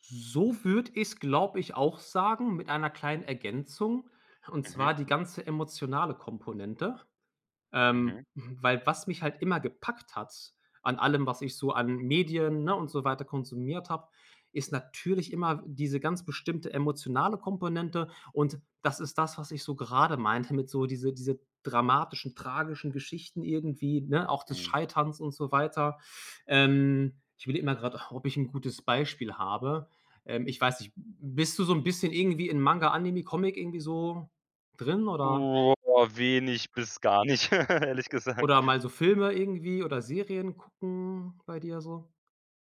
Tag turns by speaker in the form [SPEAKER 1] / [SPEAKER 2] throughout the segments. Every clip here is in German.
[SPEAKER 1] So würde ich's, glaube ich, auch sagen mit einer kleinen Ergänzung, und zwar
[SPEAKER 2] Mhm.
[SPEAKER 1] die ganze emotionale Komponente.
[SPEAKER 2] Mhm.
[SPEAKER 1] Ähm, hm, weil was mich halt immer gepackt hat an allem, was ich so an Medien, ne, und so weiter konsumiert habe, ist natürlich immer w diese ganz bestimmte emotionale Komponente. Und das ist das, was ich so gerade meinte mit so diese diese dramatischen, tragischen Geschichten irgendwie, ne, auch des
[SPEAKER 2] Mhm.
[SPEAKER 1] Scheiterns und so weiter. Ähm, ich überlege mal gerade auch, ob ich 'n gutes Beispiel habe. Ähm, ich weiß nicht, b bist du so 'n bisschen irgendwie in Manga, Anime, Comic irgendwie so drin oder
[SPEAKER 2] Oh, wenig bis gar nicht, ehrlich gesagt.
[SPEAKER 1] oder mal so Filme irgendwie oder Serien gucken bei dir so?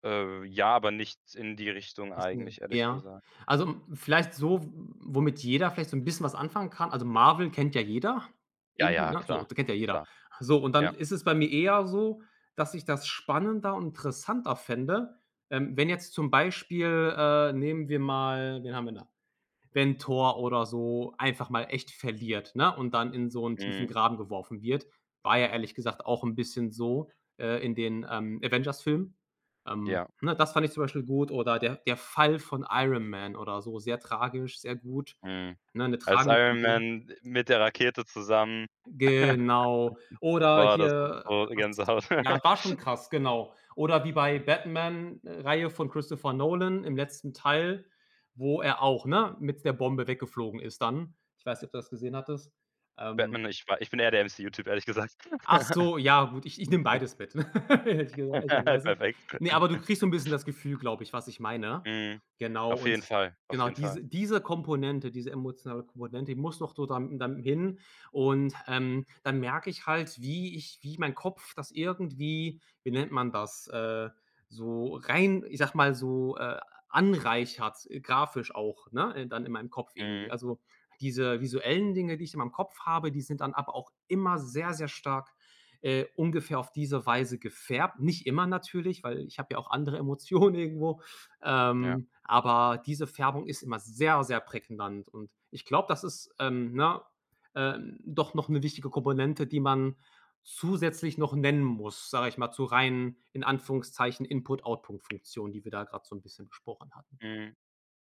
[SPEAKER 2] Äh, ja, aber nicht in die Richtung
[SPEAKER 1] [unintelligible]
[SPEAKER 2] eigentlich, ehrlich
[SPEAKER 1] Ja.
[SPEAKER 2] gesagt.
[SPEAKER 1] Also, hm, vielleicht
[SPEAKER 2] Hm.
[SPEAKER 1] so, w womit jeder vielleicht so 'n bisschen was anfangen kann. Also, Marvel kennt ja jeder
[SPEAKER 2] Ja,
[SPEAKER 1] irgendwie,
[SPEAKER 2] ja,
[SPEAKER 1] ne, so.
[SPEAKER 2] klar,
[SPEAKER 1] Kennt ja jeder.
[SPEAKER 2] klar.
[SPEAKER 1] So, und dann
[SPEAKER 2] Ja.
[SPEAKER 1] ist es bei mir eher so, dass ich das spannender und interessanter fände, ähm, wenn jetzt zum Beispiel, äh, nehmen wir mal wen haben wir da, wenn Thor oder so einfach mal echt verliert, ne? Und dann in so 'n tiefen
[SPEAKER 2] Mhm.
[SPEAKER 1] Graben geworfen wird. War ja ehrlich gesagt auch bisschen so, äh, in den, ähm, Avengers-Filmen, ähm,
[SPEAKER 2] Ja.
[SPEAKER 1] ne? Das fand ich zum Beispiel gut oder der der Fall von Iron Man oder so, sehr tragisch, sehr gut,
[SPEAKER 2] Mhm.
[SPEAKER 1] ne? 'Ne
[SPEAKER 2] Als
[SPEAKER 1] tragende
[SPEAKER 2] Iron
[SPEAKER 1] Figur.
[SPEAKER 2] Man d mit der Rakete zusammen
[SPEAKER 1] Genau. Oder
[SPEAKER 2] war das dann
[SPEAKER 1] hier, äh,
[SPEAKER 2] so
[SPEAKER 1] was
[SPEAKER 2] Gänsehaut.
[SPEAKER 1] ja, war schon krass, genau. Oder wie bei
[SPEAKER 2] Ja.
[SPEAKER 1] Batman, äh, Reihe von Christopher Nolan im letzten Teil, wo er auch, ne, mit s 'ner Bombe weggeflogen ist dann. Ich weiß nicht, ob du das gesehen hattest. Ähm
[SPEAKER 2] Batman, ich war ich bin eher der MCU Typ, ehrlich gesagt.
[SPEAKER 1] Ach so, ja, gut, ich ich nehme beides mit, hätte ich gesagt ehrlicherweise.
[SPEAKER 2] Perfekt.
[SPEAKER 1] Ne, aber du kriegst so 'n bisschen das Gefühl, glaube ich, was ich meine.
[SPEAKER 2] Mhm.
[SPEAKER 1] Genau
[SPEAKER 2] Auf
[SPEAKER 1] und
[SPEAKER 2] jeden Fall, auf
[SPEAKER 1] genau,
[SPEAKER 2] jeden Fall.
[SPEAKER 1] diese diese Komponente diese emotionale Komponente, die muss noch so da dann hin und, ähm, dann merke ich halt, wie ich wie mein Kopf das irgendwie, wie nennt man das, äh, so rein, ich sage mal, so, äh, ah, anreichert grafisch auch, ne? Dann in meinem Kopf irgendwie.
[SPEAKER 2] Mhm.
[SPEAKER 1] Also, diese visuellen Dinge, die ich immer im Kopf habe, die sind dann aber auch immer sehr, sehr stark, äh, ungefähr auf diese Weise gefärbt. Nicht immer natürlich, weil ich habe ja auch andere Emotionen irgendwo,
[SPEAKER 2] Ja.
[SPEAKER 1] ähm, aber diese Färbung ist immer sehr, sehr prägnant. Und ich glaube, das ist, ähm, ne, äh, doch noch 'ne wichtige Komponente, die man zusätzlich noch nennen muss, sage ich mal, so rein in Anführungszeichen Input-Output-Funktion, die wir da gerade so 'n bisschen besprochen hatten.
[SPEAKER 2] Mhm.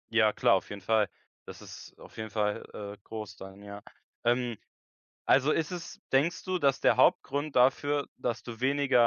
[SPEAKER 2] Ja klar, auf jeden Fall. Das ist auf jeden Fall, äh, groß dann, ja. Ähm, also ist es denkst du, dass der Hauptgrund dafür, dass du weniger